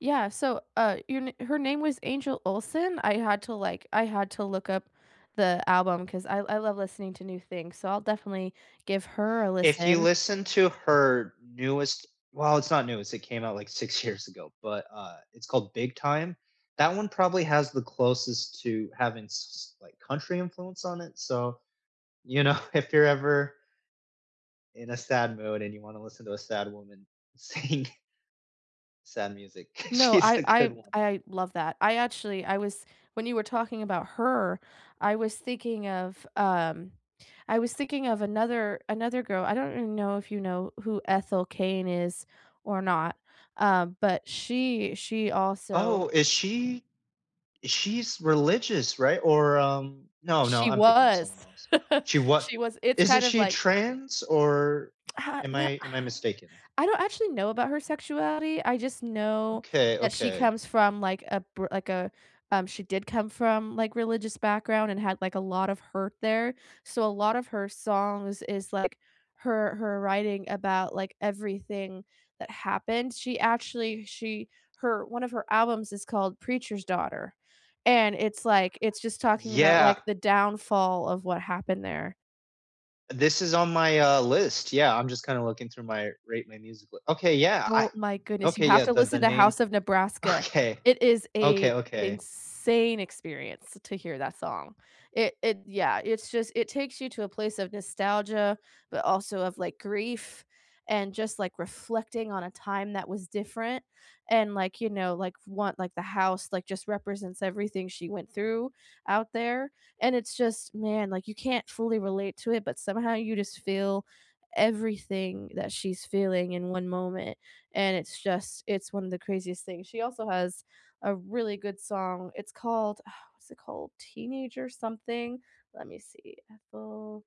Yeah, so, uh, your n her name was Angel Olsen, I had to, like I had to look up the album 'cause I I love listening to new things, so I'll definitely give her a If you listen. listen to her newest well, it's not new, it's it came out, like, 6 years ago, but, uh, it's called Big Time. That one probably has the closest to having, s s like, country influence on it, so, you know, if you're ever in a sad mood and you wanna listen to a sad woman sing sad music, No, she's I a I good th one. I love that, I actually I was when you were talking about her, I was thinking of, um I was thinking of another another girl, I don't even know if you know who Ethel Cain is or not, uh, but she she also Oh, is she is she's religious, right? Or, um, no no, She I'm thinking of someone was. else. She what She was it's isn't kind of she like trans or Uh, am No I am I mistaken? I don't actually know about her sexuality, I just know Okay, that she okay. comes from, like, a br like a um, she did come from, like, religious background and had, like, a lot of hurt there. So, a lot of her songs is, like, her her writing about, like, everything that happened. She actually she her one of her albums is called Preacher's Daughter. And it's, like it's just talking about, Yeah. like, the downfall of what happened there. This is on my, uh, list. Yeah, I'm just kinda looking through my rate my music li Okay, yeah, I Oh my goodness, you Okay, have yeah, to the the listen to name House of Nebraska. Okay. It is Okay, a okay. insane experience to hear that song. It it yeah, it's just it takes you to a place of nostalgia, but also of, like, grief, and just, like, reflecting on a time that was different, and, like, you know, like, f want like, the house, like, just represents everything she went through out there, and it's just man, like, you can't fully relate to it, but somehow you just feel everything that she's feeling in one moment, and it's just it's one of the craziest things. She also has a really good song, it's called uh, what's it called? Teenager something? Let me see, Ethel